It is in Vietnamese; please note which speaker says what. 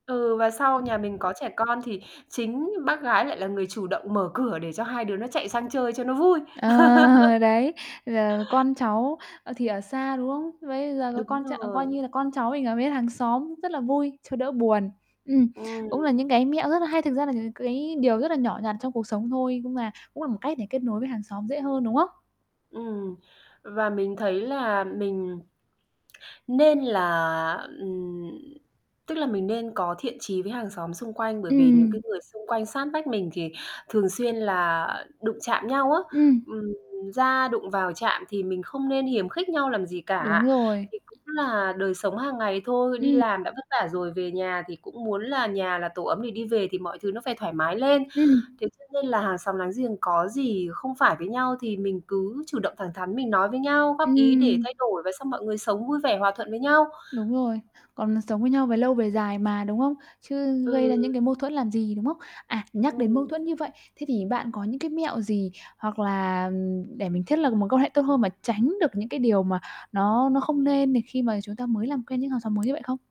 Speaker 1: Ừ, và sau nhà mình có trẻ con thì chính bác gái lại là người chủ động mở cửa để cho hai đứa nó chạy sang chơi cho nó vui.
Speaker 2: Ờ, đấy, giờ con cháu, ờ, thì ở xa, đúng không? Bây giờ có
Speaker 1: Đúng
Speaker 2: con ch coi
Speaker 1: rồi.
Speaker 2: như là con cháu mình ở với hàng xóm rất là vui, cho đỡ buồn. Ừm, cũng
Speaker 1: Ừm.
Speaker 2: là những cái mẹo rất là hay. Thực ra là những cái điều rất là nhỏ nhặt trong cuộc sống thôi, nhưng mà cũng là một cách để kết nối với hàng xóm dễ hơn, đúng hông?
Speaker 1: Ừm và mình thấy là mình nên là, ừm tức là mình nên có thiện chí với hàng xóm xung quanh, bởi vì những cái
Speaker 2: Ừm.
Speaker 1: người xung quanh sát vách mình thì thường xuyên là đụng chạm nhau á.
Speaker 2: Ừm.
Speaker 1: Ừm, ra đụng vào chạm thì mình không nên hiềm khích nhau làm gì
Speaker 2: Đúng
Speaker 1: cả.
Speaker 2: rồi.
Speaker 1: Thì cũng là đời sống hàng ngày thôi. Đi
Speaker 2: Ừm.
Speaker 1: làm đã vất vả rồi, về nhà thì cũng muốn là nhà là tổ ấm để đi về thì mọi thứ nó phải thoải mái lên.
Speaker 2: Ừm.
Speaker 1: Thế cho nên là hàng xóm láng giềng có gì không phải với nhau thì mình cứ chủ động, thẳng thắn mình nói với nhau, góp ý để
Speaker 2: Ừm.
Speaker 1: thay đổi và xong mọi người sống vui vẻ, hòa thuận với nhau.
Speaker 2: Đúng rồi, còn sống với nhau về lâu về dài mà, đúng không? Chứ gây ra
Speaker 1: Ừm.
Speaker 2: những cái mâu thuẫn làm gì, đúng không? À, nhắc đến mâu
Speaker 1: Ừm.
Speaker 2: thuẫn như vậy. Thế thì bạn có những cái mẹo gì, hoặc là, ừm, để mình thiết lập mối quan hệ tốt hơn và tránh được những cái điều mà nó nó không nên nè khi mà chúng ta mới làm quen những hàng xóm mới như vậy không?